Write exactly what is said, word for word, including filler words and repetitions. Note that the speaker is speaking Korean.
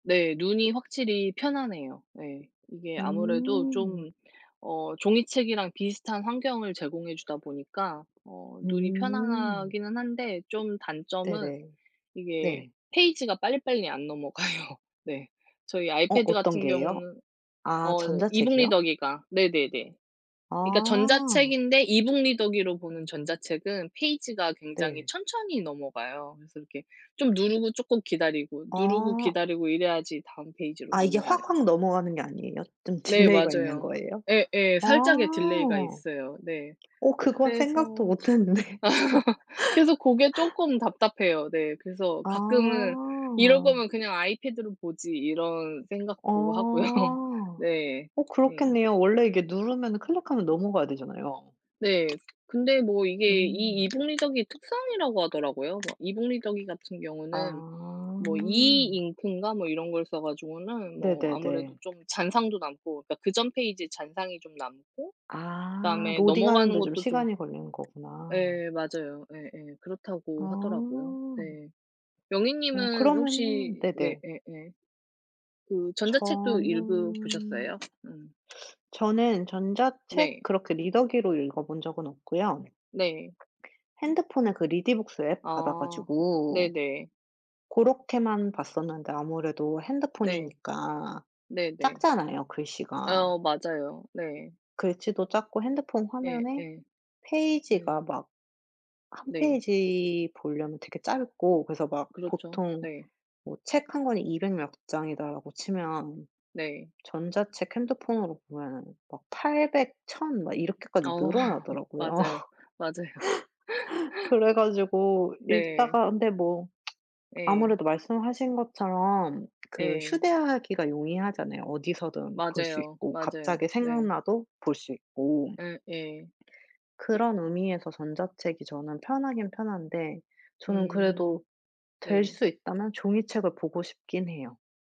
네 눈이 확실히 편안해요. 네. 이게 아무래도 음. 좀 어 종이책이랑 비슷한 환경을 제공해 주다 보니까 어 눈이 음. 편안하기는 한데 좀 단점은 네네. 이게 네. 페이지가 빨리빨리 안 넘어가요. 네. 저희 어 아이패드 어떤 같은 게요? 경우는 아 어 e-book 전자책이요? 리더기가 네네네. 그러니까 아. 전자책인데 e-book 리더기로 보는 전자책은 페이지가 굉장히 네. 천천히 넘어가요. 그래서 이렇게 좀 누르고 쪼끔 기다리고 누르고 아. 기다리고 이래야지 다음 페이지로 아 이게 넘어가요. 확확 넘어가는 게 아니에요? 좀 네 딜레이가 있는 맞아요. 거에요? 예예. 아 살짝의 딜레이가 있어요. 네 어 그건 생각도 그래서 못 했는데. 그래서 고게 쪼끔 답답해요. 네 그래서 가끔은 '이럴 아. 거면 그냥 아이패드로 보지.' 이런 생각도 하고요. 어. 네. 어 네. 그렇겠네요. 원래 이게 누르면 클릭하면 넘어가야 되잖아요. 네 근데 뭐 이게 이 음. e-book 리더기 특성이라고 하더라고요. 막 e-book 리더기 같은 경우는 아. 뭐 음. e-ink인가 뭐 이런 걸 써 가지고는 뭐 아무래도 네네네. 좀 잔상도 남고 그러니까 그 전 페이지에 잔상이 좀 남고 아. 그다음에 넘어가는 로딩하는데 좀 것도 좀 시간이 걸리는 거구나. 예 맞아요. 예예. 그렇다고 하더라고요. 아. 네 영희 어 님은 혹시 그러면은 네 네네. 예예. 그 전자책도 읽어 저는 보셨어요? 음. 저는 전자책 네. 그렇게 리더기로 읽어본 적은 없고요. 네. 핸드폰에 그 리디북스 앱 받아 아. 가지고 네네. 고렇게만 봤었는데 아무래도 네. 핸드폰이니까 네네. 작잖아요 글씨가. 어 맞아요. 네. 글씨도 작고 핸드폰 예예. 화면에 네. 페이지가 막 한 네. 페이지 보려면 되게 짧고 그래서 막 그렇죠. 보통 네. 뭐 책 한 권이 이백 몇 장이다 라고 치면 네. 전자책 핸드폰으로 보면은 막 팔백 천 막 이렇게까지 어. 늘어나더라고요. 맞아요, 맞아요. 그래 가지고 네. 읽다가 근데 뭐 예. 아무래도 말씀하신 것처럼 그 예. 휴대하기가 용이하잖아요. 어디서든 볼 수 맞아요. 있고 맞아요. 갑자기 네. 생각나도 볼 수 있고. 예. 예. 그런 의미에서 전자책이 저는 편하긴 편한데 저는 음. 그래도 될 네. 수 있다면 종이책을 보고 싶긴 해요.